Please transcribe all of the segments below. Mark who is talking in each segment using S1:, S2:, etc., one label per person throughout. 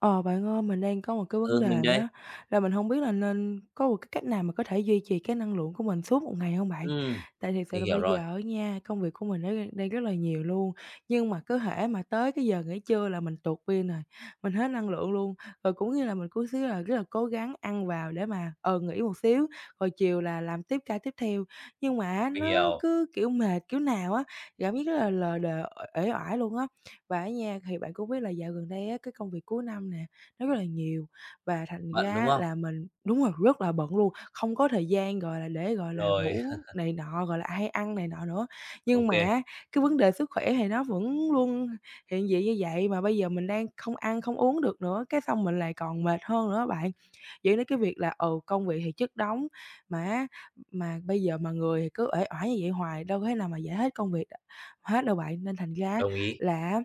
S1: Ờ, bạn ơi, mình đang có một cái vấn
S2: Ừ,
S1: đề
S2: mình đây.
S1: á, là mình hông biết là nên có một cái cách nào mà có thể duy trì cái năng lượng của mình suốt một ngày hông bạn?
S2: Ừm,
S1: Tại thiệt sự
S2: mình
S1: là
S2: hiểu
S1: bây
S2: rồi.
S1: giờ á nha, công việc của mình nó đang đang rất là nhiều luôn. Nhưng mà cứ hễ mà tới cái giờ nghỉ trưa là mình tụt pin rồi, mình hết năng lượng luôn. Rồi cũng như là mình cố xíu là rất là cố gắng ăn vào để mà, ừ, nghỉ một xíu, rồi chiều là làm tiếp ca tiếp theo. Nhưng mà á
S2: Mình
S1: nó
S2: hiểu.
S1: cứ kiểu mệt kiểu nào á, cảm giác rất là lờ đờ, uể uể oải luôn á. Và á nha, thì bạn cũng biết là dạo gần đây á, cái công việc cuối năm nè, nó rất là nhiều và thành
S2: Bận, đúng
S1: ra
S2: không?
S1: là mình đúng rồi, rất là bận luôn, không có thời gian, gọi là, để gọi là
S2: Rồi.
S1: ngủ này nọ, gọi là, hay ăn này nọ nữa.
S2: Ô
S1: Nhưng mà
S2: kê.
S1: á cái vấn đề sức khỏe thì nó vẫn luôn hiện diện như vậy mà bây giờ mình đang không ăn, không uống được nữa, cái xong mình lại còn mệt hơn nữa á bạn. Dẫn đến cái việc là, ừ, công việc thì chất đống, mà, á, mà bây giờ mà người thì cứ uể oải như vậy hoài, đâu có thể nào mà giải hết công việc hết đâu bạn. Nên thành ra á
S2: Đồng ý.
S1: là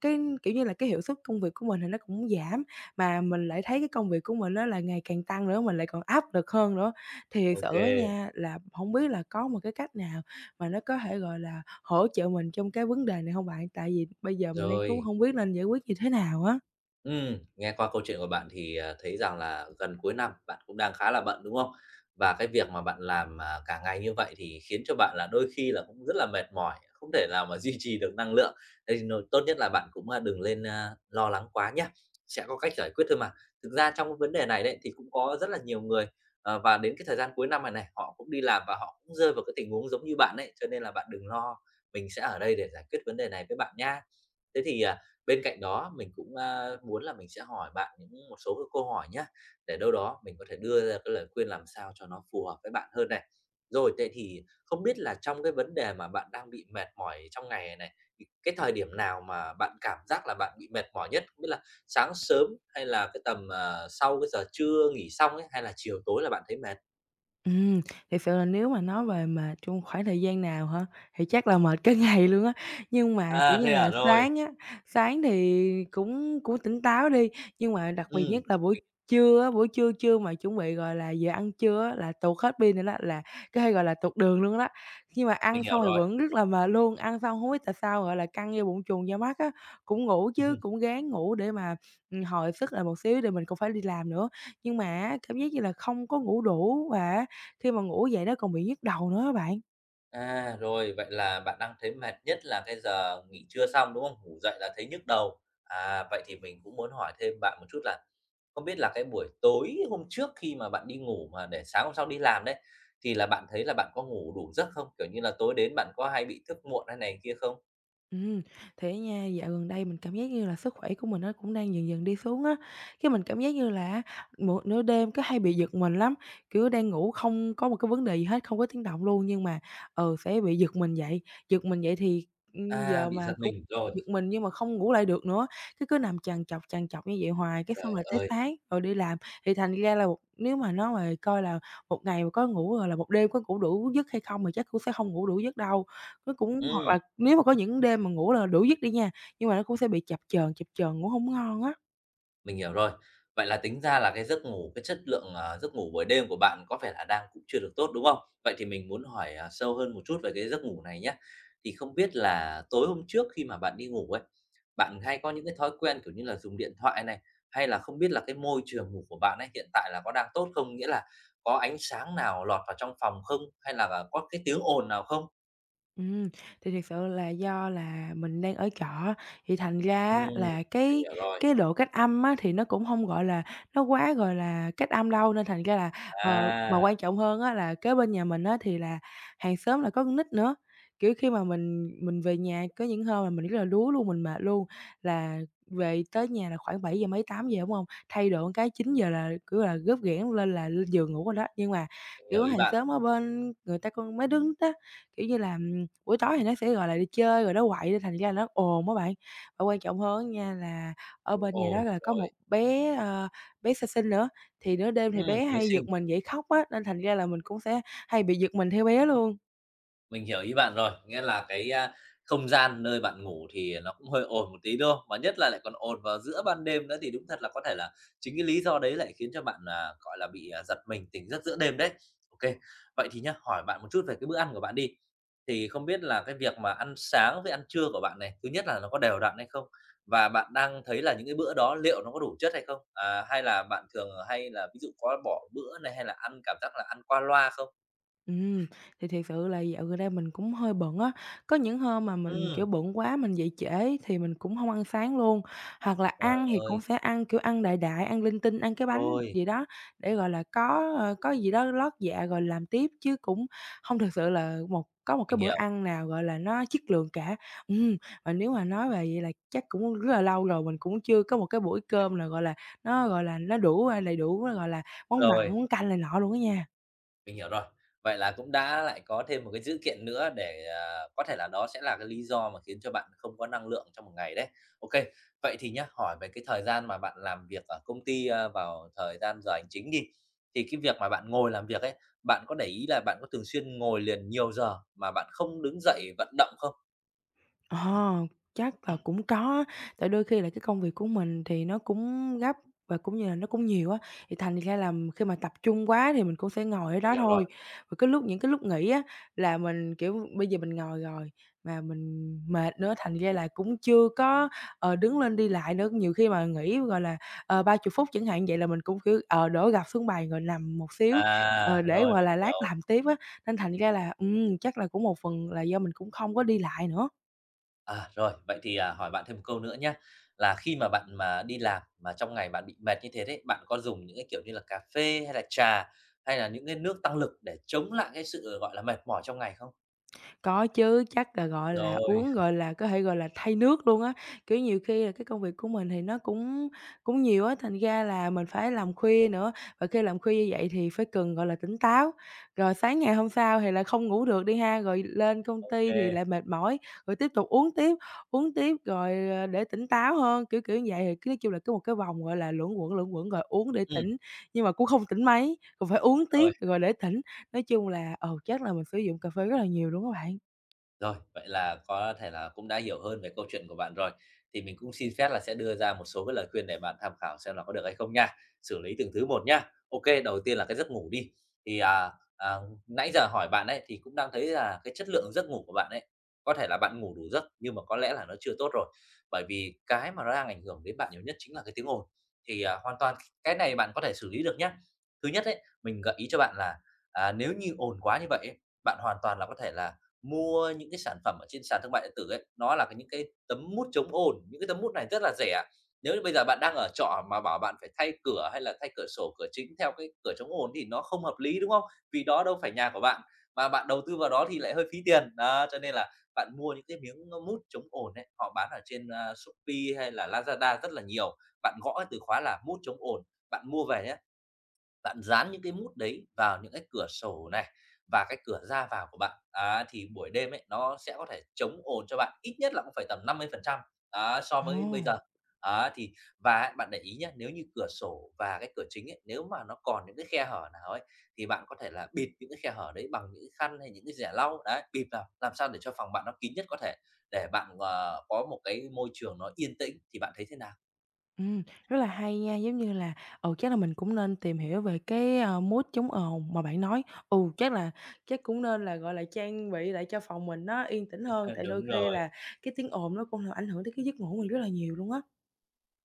S1: cái, kiểu như là, cái hiệu suất công việc của mình thì nó cũng giảm, mà mình lại thấy cái công việc của mình á là ngày càng tăng nữa, mình lại còn áp lực hơn nữa. Thiệt
S2: Ô
S1: sự á
S2: kê.
S1: nha, là hổng biết là có một cái cách nào mà nó có thể, gọi là, hỗ trợ mình trong cái vấn đề này hông bạn? Tại vì bây giờ mình đang cũng
S2: Rồi.
S1: hông biết nên giải quyết như thế nào á.
S2: Ừm, nghe qua câu chuyện của bạn thì, à, thấy rằng là gần cuối năm bạn cũng đang khá là bận, đúng không? Và cái việc mà bạn làm, à, cả ngày như vậy thì khiến cho bạn là đôi khi là cũng rất là mệt mỏi, không thể nào mà duy trì được năng lượng, nên n tốt nhất là bạn cũng, a, đừng lên, a, lo lắng quá nhá. Sẽ có cách giải quyết thôi mà. Thực ra trong cái vấn đề này đấy, thì cũng có rất là nhiều người, ờ, và đến cái thời gian cuối năm này này, họ cũng đi làm và họ cũng rơi vào cái tình huống giống như bạn đấy, cho nên là bạn đừng lo, mình sẽ ở đây để giải quyết vấn đề này với bạn nha. Thế thì, à, bên cạnh đó, mình cũng, a, muốn là mình sẽ hỏi bạn những một số cái câu hỏi nhá, để đâu đó mình có thể đưa ra cái lời khuyên làm sao cho nó phù hợp với bạn hơn này. Rồi, thế thì không biết là trong cái vấn đề mà bạn đang bị mệt mỏi trong ngày này này, thì cái thời điểm nào mà bạn cảm giác là bạn bị mệt mỏi nhất? Tức là sáng sớm, hay là cái tầm, à, sau cái giờ trưa nghỉ xong ấy, hay là chiều tối là bạn thấy mệt?
S1: Ừm, thiệt sự là nếu mà nói về mệt trong khoảng thời gian nào hả? Thì chắc là mệt cả ngày luôn á. Nhưng mà kiểu
S2: À,
S1: như
S2: thế
S1: là
S2: à? Rồi.
S1: sáng á, sáng thì cũng cũng tỉnh táo đi, nhưng mà đặc biệt nhất
S2: Ừm.
S1: là buổi
S2: Mình
S1: trưa á, buổi trưa trưa mà chuẩn bị, gọi là, giờ ăn trưa á là tuột hết pin nữa đó, là cái, gọi là, tuột đường luôn đó. Nhưng mà ăn
S2: Mình
S1: xong
S2: hiểu
S1: thì
S2: rồi.
S1: vẫn rất là mệt luôn, ăn xong hông biết tại sao, gọi là căng da bụng chùng da mắt á, cũng ngủ chứ,
S2: Ừm.
S1: cũng ráng ngủ để mà, ừm, hồi sức lại một xíu tại mình cũng phải đi làm nữa. Nhưng mà á cảm giác như là không có ngủ đủ, và á khi mà ngủ dậy nó còn bị nhức đầu nữa á bạn.
S2: À, rồi, vậy là bạn đang thấy mệt nhất là cái giờ nghỉ trưa xong, đúng không? Ngủ dậy là thấy nhức đầu, à, vậy thì mình cũng muốn hỏi thêm bạn một chút là không biết là cái buổi tối hôm trước khi mà bạn đi ngủ mà để sáng hôm sau đi làm đấy, thì là bạn thấy là bạn có ngủ đủ giấc không? Kiểu như là tối đến bạn có hay bị thức muộn hay này kia không?
S1: Ừm, thì á nha, dạo gần đây mình cảm giác như là sức khỏe của mình nó cũng đang dần dần đi xuống á. Cái mình cảm giác như là á một nửa đêm cứ hay bị giật mình lắm. Kiểu đang ngủ không có một cái vấn đề gì hết, không có tiếng động luôn nhưng mà, ờ, sẽ bị giật mình dậy, giật mình dậy thì, ừm,
S2: À,
S1: giờ
S2: bị
S1: mà
S2: giật
S1: cũng
S2: mình, rồi.
S1: giật mình nhưng mà không ngủ lại được nữa, thế cứ nằm trằn trọc, trằn trọc như vậy hoài, cái xong
S2: Trời
S1: rồi tới
S2: ơi!
S1: sáng rồi đi làm. Thì thành ra là nếu mà nó mà coi là một ngày mà có ngủ hoặc là một đêm có ngủ đủ giấc hay không thì chắc cũng sẽ hông ngủ đủ giấc đâu. Nó cũng hoặc
S2: Ừm.
S1: là nếu mà có những đêm mà ngủ là đủ giấc đi nha, nhưng mà nó cũng sẽ bị chập chờn, chập chờn, ngủ hổng ngon á.
S2: Mình hiểu rồi, vậy là tính ra là cái giấc ngủ, cái chất lượng, ờ, giấc ngủ buổi đêm của bạn có vẻ là đang cũng chưa được tốt, đúng không? Vậy thì mình muốn hỏi, à, sâu hơn một chút về cái giấc ngủ này nhá, thì không biết là tối hôm trước khi mà bạn đi ngủ ấy, bạn hay có những cái thói quen kiểu như là dùng điện thoại này, hay là không biết là cái môi trường ngủ của bạn ấy, hiện tại là có đang tốt không? Nghĩa là có ánh sáng nào lọt vào trong phòng không? Hay là có cái tiếng ồn nào không?
S1: Ừm, thì thiệt sự là do là mình đang ở trọ á, thì thành ra
S2: Ừm,
S1: á là
S2: mình
S1: cái
S2: hiểu rồi.
S1: cái độ cách âm á, thì nó cũng hông, gọi là, nó quá, gọi là, cách âm đâu, nên thành ra là ờ, mà
S2: À!
S1: quan trọng hơn á, là kế bên nhà mình á thì là hàng xóm là có con nít nữa. Kiểu, khi mà mình mình về nhà, có những hôm là mình rất là đuối luôn, mình mệt luôn, là về tới nhà là khoảng bảy giờ mấy, 8:00, đúng hông? Thay đồ một cái, 9:00 là, kiểu là, rốp rẻng lên là lên giường ngủ rồi đó. Nhưng mà,
S2: Mình hiểu
S1: kiểu,
S2: ý
S1: hàng
S2: bạn.
S1: xóm ở bên người ta con mấy đứa [unintelligible] kiểu như, làm buổi tối thì nó sẽ, gọi là, đi chơi rồi nó quậy, nên thành ra là nó ồn á bạn. Và quan trọng hơn á nha, là ở
S2: Cũng
S1: bên nhà đó
S2: ồn,
S1: là có một
S2: rồi.
S1: bé, à, bé sơ sinh nữa, thì nửa đêm thì
S2: Ừm,
S1: bé
S2: mới
S1: hay
S2: sinh.
S1: giật mình dậy khóc á, nên thành ra là mình cũng sẽ hay bị giật mình theo bé luôn.
S2: Mình hiểu ý bạn rồi, nghĩa là cái, a, không gian nơi bạn ngủ thì nó cũng hơi ồn một tí, đúng hông? Mà nhất là lại còn ồn vào giữa ban đêm nữa, thì đúng thật là có thể là chính cái lý do đấy lại khiến cho bạn, à, gọi là, bị, à, giật mình tỉnh giấc giữa đêm đấy. OK. Vậy thì nhé, hỏi bạn một chút về cái bữa ăn của bạn đi, thì không biết là cái việc mà ăn sáng với ăn trưa của bạn này, thứ nhất là nó có đều đặn hay không? Và bạn đang thấy là những cái bữa đó liệu nó có đủ chất hay không? À, hay là bạn thường hay là ví dụ có bỏ bữa này, hay là ăn, cảm giác là, ăn qua loa không?
S1: Ừm, thì thiệt sự là dạo gần đây mình cũng hơi bận á, có những hôm mà mình, kiểu,
S2: Ừm!
S1: bận quá mình dậy trễ ấy, thì mình cũng hông ăn sáng luôn. Hoặc là
S2: Trời
S1: ăn thì cũng
S2: ơi.
S1: sẽ ăn, kiểu, ăn đại đại, ăn linh tinh, ăn cái bánh
S2: Rồi.
S1: gì đó để, gọi là, có, ờ, có gì đó lót dạ rồi làm tiếp, chứ cũng hông thực sự là một có một cái
S2: Mình
S1: bữa
S2: hiểu.
S1: ăn nào, gọi là, nó chất lượng cả. Ừm, và nếu mà nói về vậy là chắc cũng rất là lâu rồi mình cũng chưa có một cái buổi
S2: [unintelligible]
S1: cơm nào, gọi là, nó, gọi là, nó đủ, a, đầy đủ, gọi là, món mặn,
S2: Rồi.
S1: món canh này nọ luôn á nha.
S2: Mình hiểu rồi, vậy là cũng đã lại có thêm một cái dữ kiện nữa để, à, có thể là đó sẽ là cái lý do mà khiến cho bạn không có năng lượng trong một ngày đấy. Ô kê, vậy thì nhá, hỏi về cái thời gian mà bạn làm việc ở công ty, a, vào thời gian giờ hành chính đi. Thì cái việc mà bạn ngồi làm việc ấy, bạn có để ý là bạn có thường xuyên ngồi liền nhiều giờ mà bạn không đứng dậy vận động không?
S1: Ờ, chắc là cũng có, tại đôi khi là cái công việc của mình thì nó cũng gấp và cũng như là nó cũng nhiều á. Thì thành ra là khi mà tập trung quá thì mình cũng sẽ ngồi ở
S2: Mình
S1: đó
S2: hiểu
S1: thôi,
S2: rồi.
S1: và cái lúc những cái lúc nghỉ á là mình kiểu bây giờ mình ngồi rồi mà mình mệt nữa thành ra là cũng chưa có, ờ, đứng lên đi lại nữa. Nhiều khi mà nghỉ, gọi là, ờ, 30 phút chẳng hạn, vậy là mình cũng kiểu, ờ, đổ gập xuống bàn rồi nằm một xíu, ờ,
S2: À,
S1: để,
S2: rồi,
S1: gọi
S2: mình
S1: là, lát
S2: hiểu.
S1: làm tiếp á. Nên thành ra là, ừm, chắc là cũng một phần là do mình cũng không có đi lại nữa.
S2: À, rồi, vậy thì, à, hỏi bạn thêm một câu nữa nhá, là khi mà bạn mà đi làm mà trong ngày bạn bị mệt như thế đấy, bạn có dùng những cái kiểu như là cà phê hay trà hay là những cái nước tăng lực để chống lại cái sự, gọi là, mệt mỏi trong ngày không?
S1: Có chứ, chắc là, gọi là,
S2: Rồi.
S1: uống, gọi là, có thể gọi là thay nước luôn á. Kiểu, nhiều khi là cái công việc của mình thì nó cũng cũng nhiều á, thành ra là mình phải làm khuya nữa, và khi làm khuya như vậy thì phải cần, gọi là, tỉnh táo. Rồi sáng ngày hôm sau thì lại không ngủ được đi ha, rồi lên công
S2: Ô
S1: ty thì
S2: kê.
S1: lại mệt mỏi, rồi tiếp tục uống tiếp, uống tiếp rồi, ờ, để tỉnh táo hơn, kiểu kiểu vậy. Thì cứ, nói chung là, cứ một cái vòng, gọi là, luẩn quẩn, luẩn quẩn, rồi uống để
S2: Ừm.
S1: tỉnh nhưng mà cũng không tỉnh mấy, còn phải uống tiếp
S2: Rồi.
S1: rồi để tỉnh. Nói chung là, ừ, chắc là mình sử dụng cà phê rất là nhiều luôn á bạn.
S2: Rồi, vậy là có thể là cũng đã hiểu hơn về câu chuyện của bạn rồi. Thì mình cũng xin phép là sẽ đưa ra một số cái lời khuyên để bạn tham khảo xem là có được hay không nha, xử lý từng thứ một nha. Ô kê, đầu tiên là cái giấc ngủ đi, thì, à, à, nãy giờ hỏi bạn ấy thì cũng đang thấy là cái chất lượng giấc ngủ của bạn ấy, có thể là bạn ngủ đủ giấc nhưng mà có lẽ là nó chưa tốt rồi, bởi vì cái mà nó đang ảnh hưởng đến bạn nhiều nhất chính là cái tiếng ồn. Thì, à, hoàn toàn cái này bạn có thể xử lý được nhá. Thứ nhất ấy, mình gợi ý cho bạn là, à, nếu như ồn quá như vậy ấy, bạn hoàn toàn là có thể là mua những cái sản phẩm ở trên sàn thương mại điện tử ấy, nó là những cái tấm mút chống ồn, những cái tấm mút này rất là rẻ. Nếu như bây giờ bạn đang ở trọ mà bảo bạn phải thay cửa hay là thay cửa sổ, cửa chính theo cái cửa chống ồn thì nó không hợp lý, đúng không? Vì đó đâu phải nhà của bạn, mà bạn đầu tư vào đó thì lại hơi phí tiền. Đó, cho nên là bạn mua những cái miếng, a, mút chống ồn ấy, họ bán ở trên, a, Shopee hay là Lazada rất là nhiều. Bạn gõ từ khóa là "mút chống ồn", bạn mua về nhá, bạn dán những cái mút đấy vào những cái cửa sổ này, và cái cửa ra vào của bạn, á thì buổi đêm ấy nó sẽ có thể chống ồn cho bạn, ít nhất là cũng phải tầm 50% á, so với bây
S1: Ồ!
S2: giờ. Á, thì và á bạn để ý nhá, nếu như cửa sổ và cái cửa chính ấy, nếu mà nó còn những cái khe hở nào ấy, thì bạn có thể là bịt những cái khe hở đấy bằng những cái khăn hay là những cái giẻ lau. Đấy, bịt vào làm sao để cho phòng bạn nó kín nhất có thể, để bạn, ờ, có một cái môi trường nó yên tĩnh. Thì bạn thấy thế nào?
S1: Ừm, rất là hay nha, giống như là, ừ, chắc là mình cũng nên tìm hiểu về cái, ờ, mút chống ồn mà bạn nói. Ừ, chắc là chắc cũng nên là, gọi là, trang bị lại cho phòng mình nó yên tĩnh hơn, tại đôi
S2: Đúng
S1: khi
S2: rồi.
S1: là cái tiếng ồn nó cũng ảnh hưởng tới cái giấc ngủ của mình rất là nhiều luôn á.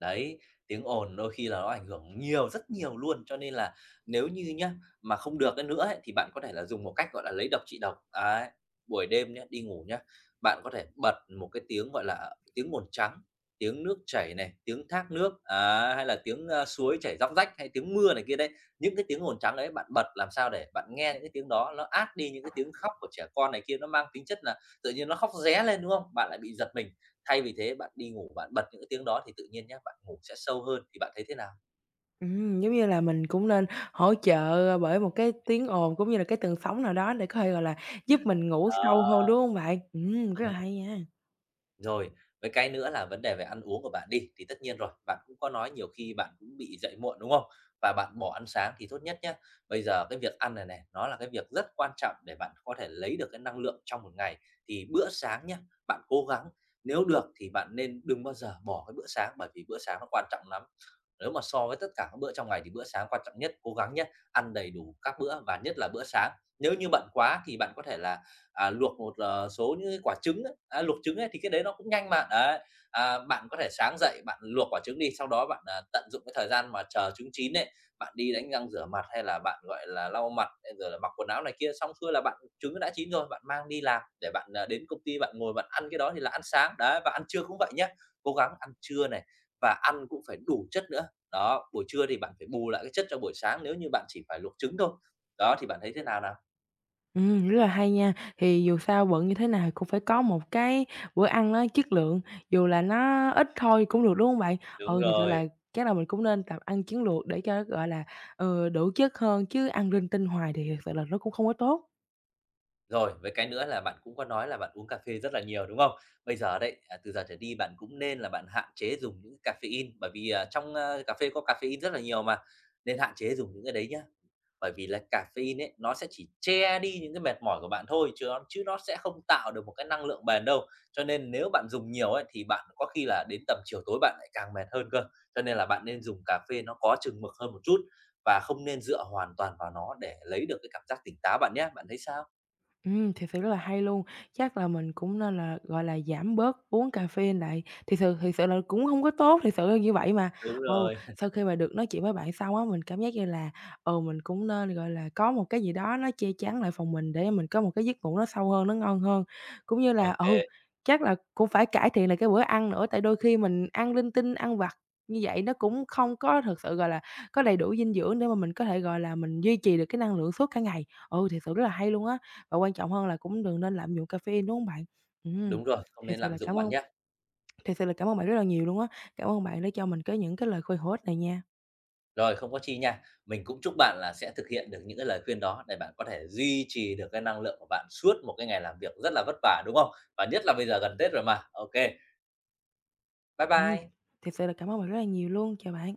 S2: Đấy, tiếng ồn đôi khi là nó ảnh hưởng nhiều, rất nhiều luôn, cho nên là nếu như nhá, mà không được, a, nữa ấy thì bạn có thể dùng một cách, gọi là, lấy độc trị độc, đấy. Buổi đêm nhá, đi ngủ nhá, bạn có thể bật một cái tiếng, gọi là, tiếng ồn trắng, tiếng nước chảy này, tiếng thác nước, đấy, hay là tiếng, ơ, suối chảy róc rách hay tiếng mưa này kia đấy. Những cái tiếng ồn trắng ấy bạn bật làm sao để bạn nghe những cái tiếng đó ló át đi những cái tiếng khóc của trẻ con này kia, nó mang tính chất là tự nhiên nó khóc ré lên, đúng không? Bạn lại bị giật mình. Thay vì thế, bạn đi ngủ, bạn bật những cái tiếng đó thì tự nhiên nhá, bạn ngủ sẽ sâu hơn thì bạn thấy thế nào?
S1: Ừm, giống như là, mình cũng nên hỗ trợ bởi một cái tiếng ồn cũng như là cái tần sóng nào đó để có thể, gọi là, giúp mình ngủ sâu
S2: Đó.
S1: hơn, đúng hông bạn? Ừm, rất là
S2: Ừm.
S1: hay nha.
S2: Rồi, với cái nữa là vấn đề về ăn uống của bạn đi, thì tất nhiên rồi, bạn cũng có nói nhiều khi bạn cũng bị dậy muộn, đúng không? Và bạn bỏ ăn sáng thì tốt nhất nhá, bây giờ cái việc ăn này này, nó là cái việc rất quan trọng để bạn có thể lấy được cái năng lượng trong một ngày, thì bữa sáng nhá, bạn cố gắng, nếu được thì bạn nên đừng bao giờ bỏ cái bữa sáng bởi vì bữa sáng nó quan trọng lắm. Nếu mà so với tất cả các bữa trong ngày thì bữa sáng quan trọng nhất, cố gắng nhớ, ăn đầy đủ các bữa và nhất là bữa sáng. Nếu như bận quá thì bạn có thể là, à, luộc một số những quả trứng ấy, a, luộc trứng ấy thì cái đấy nó cũng nhanh mà, đấy. À, bạn có thể sáng dậy bạn luộc quả trứng đi, sau đó bạn tận dụng cái thời gian mà chờ trứng chín ấy, bạn đi đánh răng rửa mặt hay là bạn, gọi là, lau mặt, hay rồi là mặc quần áo này kia. Xong xuôi là bạn trứng nó đã chín rồi, bạn mang đi làm để bạn, à, đến công ty bạn ngồi bạn ăn cái đó thì là ăn sáng. Đấy, và ăn trưa cũng vậy nhá, cố gắng ăn trưa này và ăn cũng phải đủ chất nữa. Đó, buổi trưa thì bạn phải bù lại cái chất trong buổi sáng nếu như bạn chỉ phải luộc trứng thôi. Đó thì bạn thấy thế nào nào?
S1: Ừm, rất là hay nha. Thì dù sao bận như thế nào cũng phải có một cái bữa ăn nó chất lượng, dù là nó ít thôi cũng được, đúng không bạn?
S2: Đúng
S1: Ừ, thiệt sự là
S2: rồi.
S1: chắc là mình cũng nên tập ăn chiến lược để cho, gọi là, ừ, đủ chất hơn chứ ăn rinh tinh hoài thì thiệt sự là nó cũng không có tốt.
S2: Rồi, với cái nữa là bạn cũng có nói là bạn uống cà phê rất là nhiều, đúng không? Bây giờ đấy, à, từ giờ trở đi, bạn cũng nên là bạn hạn chế dùng những caffeine bởi vì, à, trong, a, cà phê có caffeine rất là nhiều mà, nên hạn chế dùng những cái đấy nhá. Bởi vì là caffeine ấy, nó sẽ chỉ che đi những cái mệt mỏi của bạn thôi chứ nó chứ nó sẽ không tạo được một cái năng lượng bền đâu. Cho nên nếu bạn dùng nhiều ấy, thì bạn có khi là đến tầm chiều tối bạn lại càng mệt hơn cơ. Cho nên là bạn nên dùng cà phê nó có chừng mực hơn một chút và không nên dựa hoàn toàn vào nó để lấy được cái cảm giác tỉnh táo bạn nhá. Bạn thấy sao?
S1: Ừm, thiệt sự rất là hay luôn. Chắc là mình cũng nên là, gọi là, giảm bớt uống caffeine lại. Thiệt sự thiệt sự là nó cũng hông có tốt, thiệt sự là như vậy mà.
S2: Đúng
S1: Ừ,
S2: rồi.
S1: sau khi mà được nói chuyện với bạn xong á, mình cảm giác như là, ừ, mình cũng nên, gọi là, có một cái gì đó nó che chắn lại phòng mình để mình có một cái giấc ngủ nó sâu hơn, nó ngon hơn. Cũng như
S2: Ô
S1: là ừ,
S2: kê.
S1: chắc là cũng phải cải thiện lại cái bữa ăn nữa tại đôi khi mình ăn linh tinh, ăn vặt như vậy nó cũng không có thật sự, gọi là, có đầy đủ dinh dưỡng để mà mình có thể, gọi là, mình duy trì được cái năng lượng suốt cả ngày. Ừ, thiệt sự rất là hay luôn á. Và quan trọng hơn là cũng đừng nên lạm dụng caffeine, đúng không bạn? Ừm,
S2: Đúng rồi, không
S1: thiệt
S2: nên
S1: sự
S2: lạm
S1: là
S2: dụng
S1: cảm
S2: bạn
S1: ơn
S2: nhá.
S1: thiệt sự là cảm ơn bạn rất là nhiều luôn á. Cảm ơn bạn đã cho mình cái những cái lời khuyên hữu ích này nha.
S2: Rồi, không có chi nha. Mình cũng chúc bạn là sẽ thực hiện được những cái lời khuyên đó để bạn có thể duy trì được cái năng lượng của bạn suốt một cái ngày làm việc rất là vất vả, đúng không? Và nhất là bây giờ gần Tết rồi mà. Ô kê. Bái
S1: Ừm.
S2: bai!
S1: Thiệt sự là cảm ơn bạn rất là nhiều luôn. Chào bạn!